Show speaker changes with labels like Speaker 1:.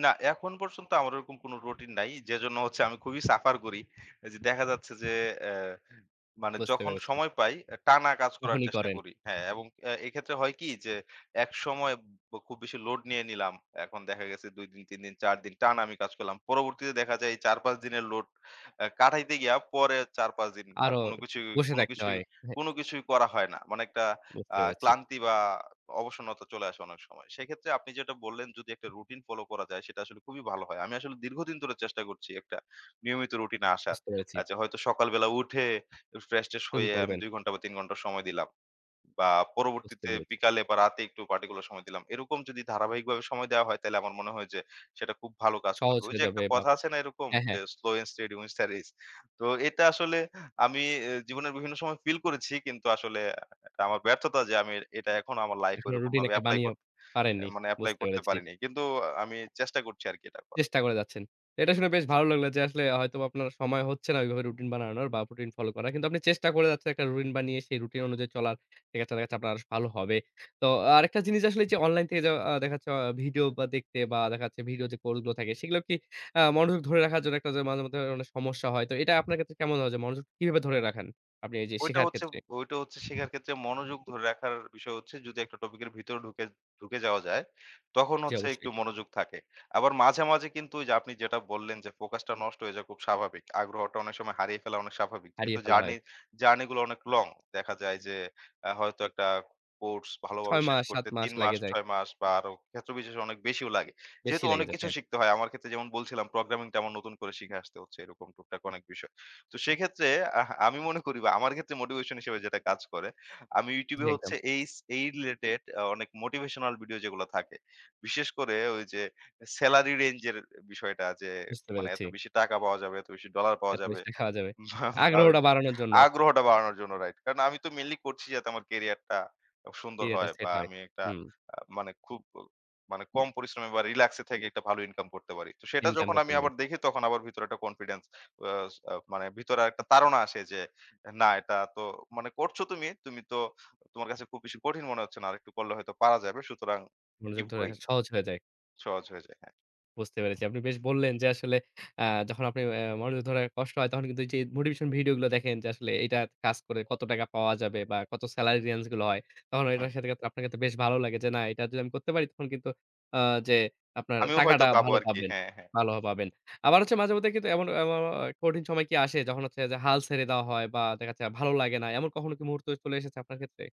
Speaker 1: না, এখন পর্যন্ত আমার ওইরকম কোন রুটিন নাই। যেজন্য হচ্ছে আমি খুবই সাফার করি। এই যে, দেখা যাচ্ছে যে, অ্যা মানে
Speaker 2: বুঝতে
Speaker 1: যখন
Speaker 2: পেরেছি।
Speaker 1: সময় পাই, টানা কাজ করার
Speaker 2: তখনই
Speaker 1: চেষ্টা
Speaker 2: করেন।
Speaker 1: করি হ্যা এবং এ এক্ষেত্রে হয় কি যে, একসময় খুব বেশি লোড নিয়ে নিলাম। এখন দেখা গেছে ২ দিন ৩ দিন ৪ দিন টানা আমি কাজ করলাম। পরবর্তীতে দেখা যায় এই ৪-৫ দিনের লোড আ কাটাইতে গিয়া পরের ৪-৫ দিন আর
Speaker 2: আরো
Speaker 1: কোন কিছুই,
Speaker 2: বসে
Speaker 1: কোন
Speaker 2: থাকতে
Speaker 1: কিছুই,
Speaker 2: হয়, এহে
Speaker 1: কোন কিছুই করা হয় না। মানে একটা
Speaker 2: বুঝতে
Speaker 1: আ
Speaker 2: পেরেছি।
Speaker 1: ক্লান্তি বা অবসন্নতা চলে আসে অনেক সময়। সেক্ষেত্রে আপনি যেটা বললেন, যদি একটা রুটিন ফলো করা যায় সেটা আসলে খুবই ভালো হয়। আমি আসলে দীর্ঘদিন ধরে চেষ্টা করছি একটা নিয়মিত রুটিনে আসার।
Speaker 2: বুঝতে পেরেছি।
Speaker 1: আ যে, আচ্ছা, হয়তো সকাল বেলা উঠে একটু ফ্রেশ ট্রেশ
Speaker 2: শুরু
Speaker 1: হয়ে আমি
Speaker 2: করবেন।
Speaker 1: ২ ঘন্টা বা ৩ ঘন্টা সময় দিলাম। বা
Speaker 2: বুঝতে
Speaker 1: পরবর্তীতে
Speaker 2: পেরেছি।
Speaker 1: বিকালে বা রাতে একটু পার্টিকুলার সময় দিলাম। এরকম যদি ধারাবাহিকভাবে সময় দেয়া হয়, তাহলে আমার মনে হয় যে, সেটা খুব ভালো কাজ
Speaker 2: সহজ
Speaker 1: করবে। ওই
Speaker 2: হয়ে
Speaker 1: যে, একটা
Speaker 2: যাবে বাপ
Speaker 1: কথা আছে না? এরকম
Speaker 2: হ্যা, হ্যা।
Speaker 1: Slow and steady wins studies তো এটা আসলে আমি অ্যা জীবনের বিভিন্ন সময় ফিল করেছি, কিন্তু আসলে এটা আমার ব্যর্থতা যে, আমি এটা এখনো আমার লাইফ
Speaker 2: এখনো রুটিন
Speaker 1: এরকমভাবে
Speaker 2: একটা
Speaker 1: এপ্লাই
Speaker 2: বানিয়েও
Speaker 1: করতে
Speaker 2: পারেননি
Speaker 1: মানে এপ্লাই
Speaker 2: বুঝতে
Speaker 1: করতে
Speaker 2: পেরেছি।
Speaker 1: পারিনি। কিন্তু অ আমি চেষ্টা করছি আরকি এটা করার।
Speaker 2: চেষ্টা করে যাচ্ছেন? এটা শুনে বেশ ভালো লাগলো যে, আসলে হয়তো বা আপনার সময় হচ্ছে না ওইভাবে রুটিন বানানোর বা রুটিন ফলো করার। কিন্তু আপনি চেষ্টা করে যাচ্ছেন, একটা রুটিন বানিয়ে সেই রুটিন অনুযায়ী চলার, সেখেত্রে দেখাচ্ছে আপনার ভালো হবে। তো আরেকটা জিনিস আসলে এই যে, অনলাইন যে, থেকে আ দেখাচ্ছে আ ভিডিও বা দেখতে বা দেখাচ্ছে ভিডিও যে, কোর্স গুলো থাকে, সেগুলাও কি আ মনোযোগ ধরে রাখার জন্য একটা যে, মাঝে মধ্যে অনেক সমস্যা হয়। তো এটা আপনার ক্ষেত্রে কেমন হয়? যে, মনোযোগ কিভাবে ধরে রাখেন আপনি এই যে,
Speaker 1: ওইটা
Speaker 2: শেখার
Speaker 1: হচ্ছে,
Speaker 2: ক্ষেত্রে?
Speaker 1: ওইটা হচ্ছে শেখার ক্ষেত্রে মনোযোগ ধরে রাখার বিষয় হচ্ছে যদি একটা টপিক এর ভিতরে ঢুকে, ঢুকে যাওয়া যায় তখন
Speaker 2: জি,
Speaker 1: হচ্ছে
Speaker 2: অবশ্যই।
Speaker 1: একটু মনোযোগ থাকে। আবার মাঝে, মাঝে কিন্তু ঐ যে, আপনি যেটা বললেন যে, ফোকাসটা নষ্ট হয়ে যাওয়া খুব স্বাভাবিক। আগ্রহটা অনেক সময় হারিয়ে ফেলা অনেক স্বাভাবিক।
Speaker 2: হারিয়ে
Speaker 1: যেহেতু
Speaker 2: ফেলা হয়।
Speaker 1: জার্নি, জার্নি গুলো অনেক লং দেখা যায় যে, আ হয়তো একটা কোর্স ভালোভাবে
Speaker 2: ৬
Speaker 1: শেষ
Speaker 2: মাস ৭
Speaker 1: করতে
Speaker 2: মাস
Speaker 1: ৩ মাস
Speaker 2: লেগে যায়।
Speaker 1: ৬ মাস বা আরো ক্ষেত্র বিশেষে অনেক বেশিও লাগে।
Speaker 2: বেশি
Speaker 1: যেহেতু অনেক
Speaker 2: লেগেছে,
Speaker 1: কিছু
Speaker 2: হ্যা।
Speaker 1: শিখতে হয়। আমার ক্ষেত্রে যেমন বলছিলাম প্রোগ্রামিংটা আমার নতুন করে শিখে আসতে হচ্ছে, এরকম টুকটাক অনেক বিষয়। তো সেইক্ষেত্রে আহ আমি মনে করি বা আমার ক্ষেত্রে মোটিভেশন হিসেবে যেটা কাজ করে আমি
Speaker 2: জি,
Speaker 1: ইউটিউবে
Speaker 2: একদম।
Speaker 1: হচ্ছে এইচ এই রিলেটেড আ অনেক মোটিভেশনাল ভিডিও যেগুলা থাকে। বিশেষ করে ওই যে, সেলারি রেঞ্জ এর বিষয়টা, যে,
Speaker 2: বুঝতে
Speaker 1: মানে
Speaker 2: পেরেছি।
Speaker 1: এত বেশি টাকা পাওয়া যাবে, এত বেশি ডলার পাওয়া
Speaker 2: এত
Speaker 1: যাবে
Speaker 2: মিস্টি খাওয়া যাবে?
Speaker 1: বা ঐ
Speaker 2: আগ্রহটা
Speaker 1: যে,
Speaker 2: বাড়ানোর জন্য।
Speaker 1: আগ্রহটা বাড়ানোর জন্য রাইট। কারণ আমি তো মেইনলি করছি যাতে আমার কেরিয়ারটা খুব
Speaker 2: কি,
Speaker 1: সুন্দর
Speaker 2: এটা
Speaker 1: হয় বা
Speaker 2: সেট হয়,
Speaker 1: আমি একটা
Speaker 2: হুম।
Speaker 1: আ মানে খুব মানে কম পরিশ্রমে বা রিল্যাক্স থেকে একটা ভালো ইনকাম করতে পারি। তো সেটা
Speaker 2: ইনকাম
Speaker 1: যখন
Speaker 2: করতে
Speaker 1: আমি
Speaker 2: পারেন।
Speaker 1: আবার দেখি তখন আবার ভিতরে একটা কনফিডেন্স আ আ মানে ভিতরে আর একটা তাড়না আসে যে, অ্যা না এটা তো মানে করছো তুমি। তুমি তো তোমার কাছে খুব বেশি কঠিন মনে হচ্ছে না। আরেকটু করলে হয়তো পারা যাবে। সুতরাং
Speaker 2: মনোযোগ
Speaker 1: কিপ
Speaker 2: ধরে
Speaker 1: গোইং
Speaker 2: রাখা সহজ হয়ে যায়।
Speaker 1: সহজ হয়ে যায়, হ্যা।
Speaker 2: বুঝতে পেরেছি। আপনি বেশ বললেন যে, আসলে আ যখন আপনি অ্যা মনোযোগ ধরে রাখা কষ্ট হয় তখন কিন্তু এই যে, মোটিভেশন ভিডিও গুলো দেখেন, যে, আসলে এইটা কাজ করে কত টাকা পাওয়া যাবে বা কত সেলারি রেন্জ গুলো হয়। তখন
Speaker 1: হুম।
Speaker 2: এটার সাথে আপনার বেশ ভালো লাগে যে, না এটা যদি আমি করতে পারি তখন কিন্তু আ যে, আপনার
Speaker 1: আমিও হয়তো
Speaker 2: টাকাটা
Speaker 1: পাবো
Speaker 2: ভালো
Speaker 1: আরকি
Speaker 2: পাবেন।
Speaker 1: হ্যা, হ্যা।
Speaker 2: ভালো হ পাবেন। আবার হচ্ছে মাঝে মধ্যে কিন্তু এমন, এমন, এমন হয় কঠিন সময় কি আসে যখন হচ্ছে যে, হাল ছেড়ে দেওয়া হয় বা দেখা যাচ্ছে ভালো লাগে না। এমন কখনো কি মুহূর্ত চলে এসেছে আপনার ক্ষেত্রে?